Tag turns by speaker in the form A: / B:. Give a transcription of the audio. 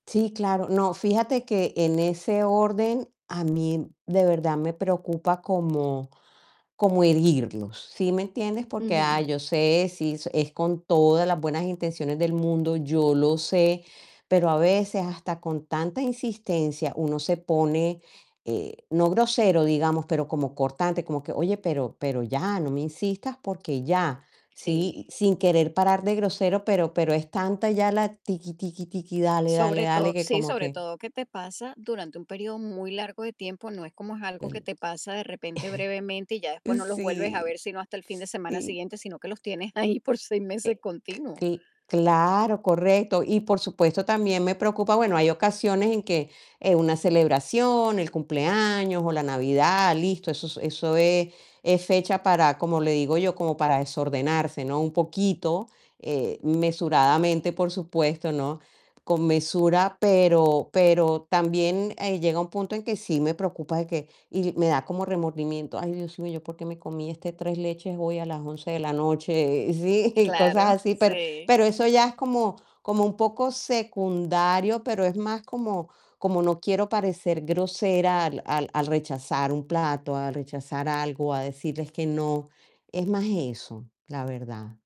A: Sí, claro. No, fíjate que en ese orden a mí de verdad me preocupa como como herirlos, ¿sí me entiendes? Porque ah,
B: Ujú.
A: yo sé, si es con todas las buenas intenciones del mundo, yo lo sé, pero a veces hasta con tanta insistencia uno se pone, eh, no grosero digamos, pero como cortante, como que: "Oye, pero pero ya no me insistas, porque ya". Sí,
B: Sí.
A: sin querer parar de grosero, pero pero es tanta ya la tiki, tiki, tiki, dale, dale,
B: Sobre todo
A: dale, que
B: sí,
A: como
B: sobre
A: que
B: todo que te pasa durante un periodo muy largo de tiempo, no es como es
A: El
B: algo que te pasa de repente brevemente, y ya después no los vuelves a ver,
A: Sí,
B: sino hasta el fin de
A: sí.
B: semana
A: Eh,
B: siguiente, sino que los tienes ahí por 6 meses continuos.
A: cl cla claro, correcto. Y por supuesto, también me preocupa bueno, hay ocasiones en que, eh, una celebración, el cumpleaños o la Navidad, listo, eso eso es es fecha para, como le digo yo, como para desordenarse, ¿no? Un poquito, eh, mesuradamente, por supuesto, ¿no? Con mesura, pero pero también, eh, llega un punto en que sí me preocupa de que y me da como remordimiento: "Ay, Dios mío, ¿yo por qué me comí este 3 leches hoy, a las 11 de la noche?" Sí, cosas
B: Claro,
A: así. Pero
B: sí.
A: pero eso ya es como como un poco secundario, pero es más como como no quiero parecer grosera al al al rechazar un plato, al rechazar algo, a decirles que no. Es más eso, la verdad.